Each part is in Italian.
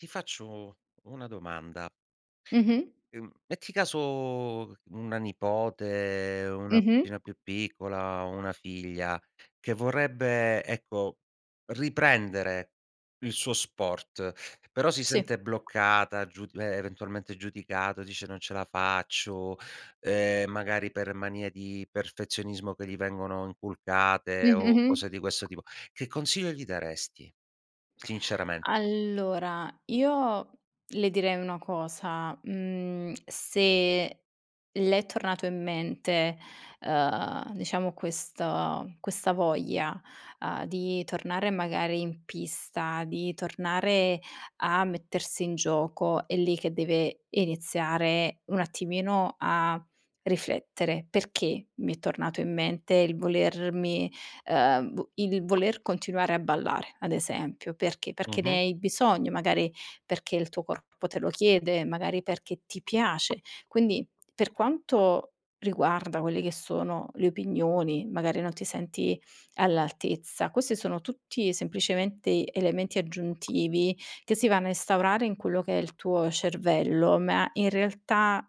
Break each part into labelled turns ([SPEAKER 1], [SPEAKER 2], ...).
[SPEAKER 1] Ti faccio una domanda.
[SPEAKER 2] Mh-mh.
[SPEAKER 1] Uhm, metti caso una nipote, una
[SPEAKER 2] Mh-mh.
[SPEAKER 1] cugina più piccola, una figlia che vorrebbe, ecco, riprendere il suo sport, però si
[SPEAKER 2] Sì.
[SPEAKER 1] sente bloccata, giu e eventualmente giudicato, dice: "Non ce la faccio", ehm, magari per manie di perfezionismo, che gli vengono inculcate o
[SPEAKER 2] Mh-mh-mh.
[SPEAKER 1] cose di questo tipo. Che consiglio gli daresti sinceramente?
[SPEAKER 2] Allora, io le direi una cosa: mhmm, se le è tornato in mente, uhm, diciamo questa questa voglia, uhm, di tornare magari in pista, di tornare a mettersi in gioco, è lì che deve iniziare un attimino a riflettere. "Perché m'è tornato in mente il volermi, uhm, vu il voler continuare a ballare?" Ad esempio. Perché? Perché
[SPEAKER 1] Mh-mh.
[SPEAKER 2] ne hai bisogno, magari perché il tuo corpo te lo chiede, magari perché ti piace. Quindi, per quanto riguarda quelle che sono le opinioni, magari non ti senti all'altezza, queste sono tutti semplicemente elementi aggiuntivi, che si vanno a instaurare in quello che è il tuo cervello, ma in realtà,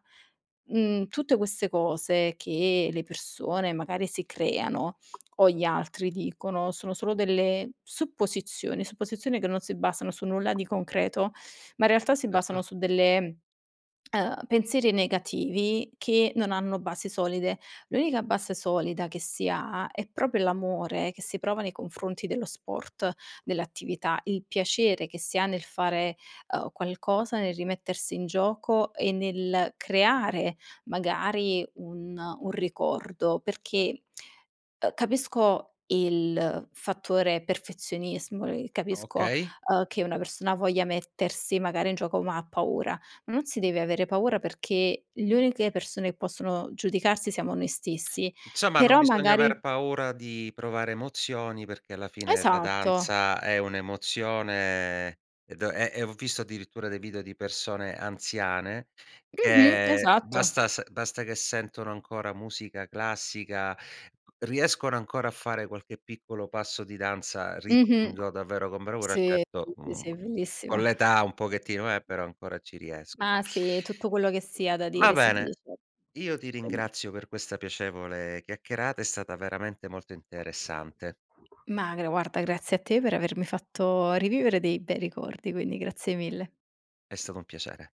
[SPEAKER 2] mhmm, tutte queste cose che le persone magari si creano o gli altri dicono, sono solo delle supposizioni, supposizioni che non si basano su nulla di concreto, ma in realtà si
[SPEAKER 1] Erto.
[SPEAKER 2] basano su delle uhm, pensieri negativi che non hanno basi solide. L'unica base solida che si ha, è proprio l'amore che si prova nei confronti dello sport, dell'attività, il piacere che si ha nel fare, uhm, qualcosa, nel rimettersi in gioco e nel creare, magari, un un ricordo, perché, uhm, capisco il fattore perfezionismo, uhm, e capisco,
[SPEAKER 1] Okay.
[SPEAKER 2] uhm, che una persona voglia mettersi magari in gioco ma ha paura. Non si deve avere paura, perché gli uniche persone possono giudicarsi siamo noi stessi;
[SPEAKER 1] Insomma, non
[SPEAKER 2] però
[SPEAKER 1] bisogna
[SPEAKER 2] magari
[SPEAKER 1] aver paura di provare emozioni, perché alla fine la
[SPEAKER 2] Esatto.
[SPEAKER 1] danza è un'emozione ed è e e ho visto addirittura dei video di persone anziane,
[SPEAKER 2] Mh-mh.
[SPEAKER 1] che
[SPEAKER 2] Esatto.
[SPEAKER 1] basta s basta che sentono ancora musica classica, riescono ancora a fare qualche piccolo passo di danza
[SPEAKER 2] Mh-mh.
[SPEAKER 1] ritmico, davvero con bravura.
[SPEAKER 2] Sì, [unintelligible]
[SPEAKER 1] Certo, mhmm,
[SPEAKER 2] sì,
[SPEAKER 1] con
[SPEAKER 2] bellissimo.
[SPEAKER 1] l'età un pochettino eh, però ancora ci riesco
[SPEAKER 2] Ma sì, tutto quello che si ha da
[SPEAKER 1] Va
[SPEAKER 2] dire, si
[SPEAKER 1] bene.
[SPEAKER 2] dice;
[SPEAKER 1] Io ti
[SPEAKER 2] quindi
[SPEAKER 1] ringrazio per questa piacevole chiacchierata. È stata veramente molto interessante.
[SPEAKER 2] Ma gra guarda, grazie a te per avermi fatto rivivere dei bei ricordi, quindi grazie mille.
[SPEAKER 1] È stato un piacere.